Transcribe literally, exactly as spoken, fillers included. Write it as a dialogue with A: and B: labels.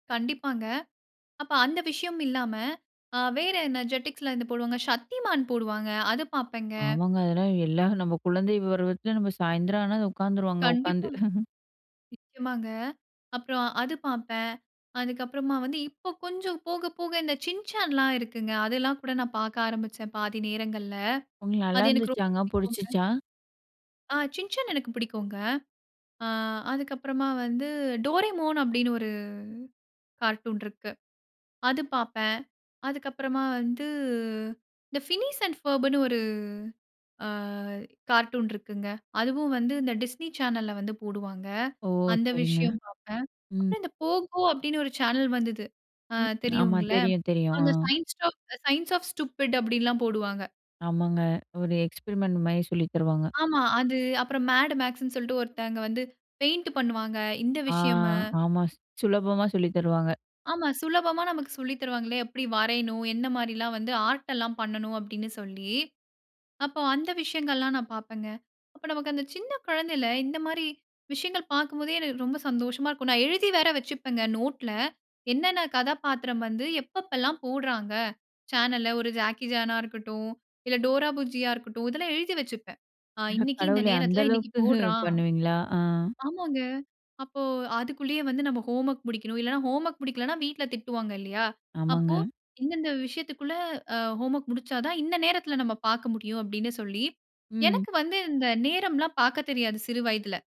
A: கண்டிப்பாங்க. அப்ப அந்த விஷயம் இல்லாம, வேற என்ன JETIXல இது போடுவாங்க. "சக்திமான்" போடுவாங்க. அது பார்ப்பேன்.
B: ஆமாங்க. அதெல்லாம் எல்லா நம்ம குழந்தை விருவத்தில நம்ம சாயந்திரம் ஆனா உட்காந்துடுவாங்க உட்கார்ந்து.
A: கண்டிப்பா, நிச்சயமாங்க. அப்புறம் அது பார்ப்பேன். அதுக்கு அப்புறமா வந்து இப்போ கொஞ்சம் போக போக இந்த "சின்சான்லாம்" இருக்குங்க. அதெல்லாம் கூட நான் பார்க்க ஆரம்பிச்சேன் பாதி நேரங்கள்ல.
B: உங்களுக்கு
A: அது எனக்கு ரொம்ப
B: நல்லாயிருந்துச்சாங்க
A: பிடிக்குமங்க.
B: புடிச்சிச்சா?
A: ஆ "சின்சன்" எனக்கு பிடிக்குங்க. அ அதுக்கப்புறமா வந்து "டோரேமோன்" அப்படின்னு ஒரு கார்ட்டூன் இருக்கு. அது பார்ப்பேன். அதுக்கப்புறமா வந்து இந்த "ஃபினிஷ் அண்ட் பர்புன்னு" ஒரு கார்ட்டூன் இருக்குங்க. அதுவும் வந்து இந்த Disney சேனல்ல வந்து போடுவாங்க.
B: ஓ!
A: அந்த
B: சரிங்க.
A: விஷயம் பார்ப்பேன்.
B: ம்.
A: அப்புறம் இந்த Pogo அப்படின்னு ஒரு சேனல் வந்தது
B: ம், ஆமா.
A: தெரியுங்களா
B: தெரியும், தெரியும்.
A: அந்த
B: ஆ.
A: சைன்ஸ் "சயன்ஸ் ஆஃப் ஸ்டுப்பிட்" அப்படிலாம் போடுவாங்க.
B: ஆமாங்க. ஒரு எக்ஸ்பெரிமென்ட் மாரி சொல்லி தருவாங்க.
A: ஆமா. அது அப்புறம் "மேட் மேக்ஸ்ன்னு" சொல்லிட்டு ஒருத்தங்க வந்து பெயிண்ட் பண்ணுவாங்க. இந்த
B: ஆ,
A: விஷயம்மு.
B: ஆமா. சு சுலபமா சொல்லித்தருவாங்க.
A: ஆமா. சுலபமா நமக்கு சொல்லி தருவாங்களே! எப்படி வரையணும்? எந்த மாதிரிலாம் வந்து ஆர்ட் எல்லாம் பண்ணணும் அப்படின்னு சொல்லி, அப்போ அந்த விஷயங்கள்லாம் நான் பார்ப்பேங்க. அப்போ நமக்கு அந்த சின்ன குழந்தையில இந்த மாதிரி விஷயங்கள் பார்க்கும் போதே எனக்கு ரொம்ப சந்தோஷமா இருக்கும். நான் எழுதி வேற வச்சுப்பேங்க நோட்ல என்னென்ன கதாப்பாத்திரம் வந்து எப்ப எப்போ எல்லாம் போடுகிறாங்க? சேனல்ல ஒரு ஜாக்கி சான்னா இருக்கட்டும், இல்ல டோரா புஜ்ஜியா இருக்கட்டும். இதெல்லாம் எழுதி வச்சுப்பேன். அ
B: அட
A: இன்னைக்கு இந்த
B: கடவுளே! அந்த
A: நேரத்தில இன்னைக்கு
B: அளவுக்கு
A: போடுறான்.
B: பண்ணுவீங்களா? ஆ.
A: ஆமாங்க. அப்போ அதுக்குள்ளயே வந்து நம்ம ஹோம்வொர்க் முடிக்கணும். இல்லன்னா, ஹோம்வொர்க் முடிக்கலன்னா வீட்ல திட்டுவாங்க இல்லையா. அப்போ
B: ஆமாங்க.
A: இந்த இந்த விஷயத்துக்குள்ள அ ஹோம்வொர்க் முடிச்சா தான் இந்த நேரத்தில நம்ம பார்க்க முடியும். அப்படின்னு சொல்லி,
B: ம்.
A: எனக்கு வந்து இந்த நேரம்லாம் பார்க்கத் தெரியாது சிறு வயதில.